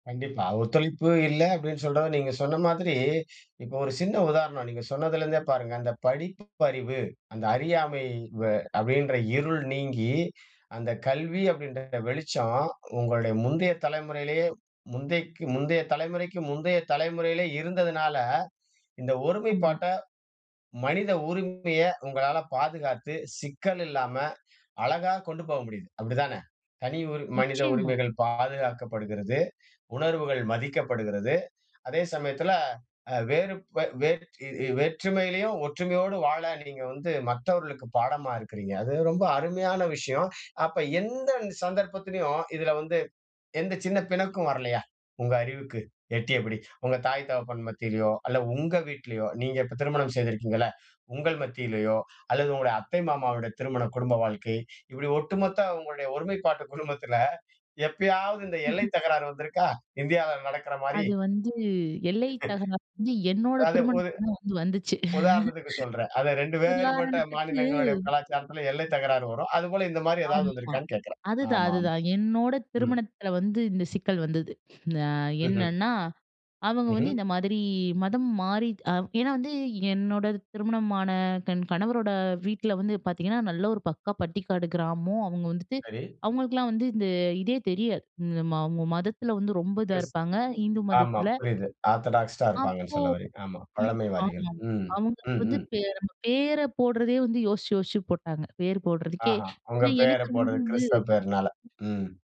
கண்டிப்பா. ஒத்துழைப்பு இல்ல அப்டீன்னு சொல்ற நீங்க சொன்ன மாதிரி, இப்போ ஒரு சின்ன உதாரணம் நீங்க சொன்னதுலேருந்தே பாருங்க, அந்த படிப்பறிவு, அந்த அறியாமை வ அப்படீன்ற இருள் நீங்கி அந்த கல்வி அப்டீன்ற வெளிச்சம் உங்களுடைய முந்தைய தலைமுறையிலேயே, முந்தைக்கு முந்தைய தலைமுறைக்கு முந்தைய தலைமுறையிலேயே இருந்ததுனால, இந்த ஆமா. ஒருமைப்பாட்ட மனித உரிமைய உங்களால பாதுகாத்து சிக்கல் இல்லாம அழகா கொண்டு போக முடியுது. அப்படி தான? தனி மனித நிச்சயமா. உரிமைகள் பாதுகாக்கப்படுகிறது. உணர்வுகள் மதிக்கப்படுகிறது. அதே சமயத்துல அ வேறு வேட் வேற்றுமையிலயும் ஒற்றுமையோடு வாழ நீங்க வந்து மற்றவர்களுக்கு பாடமா இருக்கிறீங்க. அது ரொம்ப அருமையான விஷயம். அப்ப எந்த இந்த சந்தர்ப்பத்திலும், இதுல வந்து எந்த சின்ன பிணக்கும் வரலையா? உங்க அறிவுக்கு எட்டியபடி உங்க தாய், தகப்பன் மத்தியிலையோ அல்ல உங்க வீட்லயோ, நீங்க இப்ப திருமணம் செய்திருக்கிறீங்கள்ல உங்கள் மத்திலையோ, அல்லது உங்க அத்தை, மாமாவுடையத்த அவங்க திருமண குடும்ப வாழ்க்கை இப்படி ஒட்டுமொத்த உங்களுடைய ஒருமைப்பாட்டு குடும்பத்துல, எப்பயாவது இந்த எல்லை தகராறு வந்திருக்கா? இந்தியால நடக்குற மாரி. அது வந்து, எல்லை தகராறு வந்து, என்னோட அதாவது போது திருமணத்துலயும் வந்து வந்துச்சு. உதாரணத்துக்கு சொல்றேன். அதுல 2 வேறுபட்ட உதாரணத்துக்கு மாநிலங்களுடைய கலாச்சாரத்துல எல்லை தகராறு வரும். அது போல இந்த மாரி ஏதாவது வந்து ஆமா, இருக்கான்னு கேட்கறேன்? அதுதான் ஆமாமா. அதுதான் என்னோட ம். திருமணத்துல வந்து இந்த சிக்கல் வந்தது. அ ம்ஹ்ம். என்னன்னா, அவங்க வந்து ம்ஹ்ம். இந்த மாதிரி மதம் மாறிட் ஏனா வந்து, என்னோட திருமணமான தன் கணவரோட வீட்ல வந்து பாத்தீங்கன்னா, நல்ல ஒரு பக்கா பட்டிக்காடு கிராமம், அவங்க வந்துட்டு சரி. அவங்களுக்கெல்லாம் வந்து இந்த இதே தெரியாது. இம்ம அவங்க மதத்துல வந்து ரொம்ப இதா கிஸ் இருப்பாங்க. இந்து ஆமாம் மதத்துல புரியுது. ஆர்த்தடாக்ஸ்டா இருப்பாங்கன்னு அப்போ சொல்லவரிங். ஆமா. ம், பழமைவாதிகள். ஆமாம். ம். அவங்களுக்கு வந்து ம்ஹ்ம். பேர பேர போடுறதே வந்து யோசிச்சு யோசிச்சு போட்டாங்க. பேர போட்றதுக்கே ஆஹா! உங்க ஏனா பேர எனக்கு போடுறது வந்து கிறிஸ்தவ பேருனால. [unintelligible] ம்.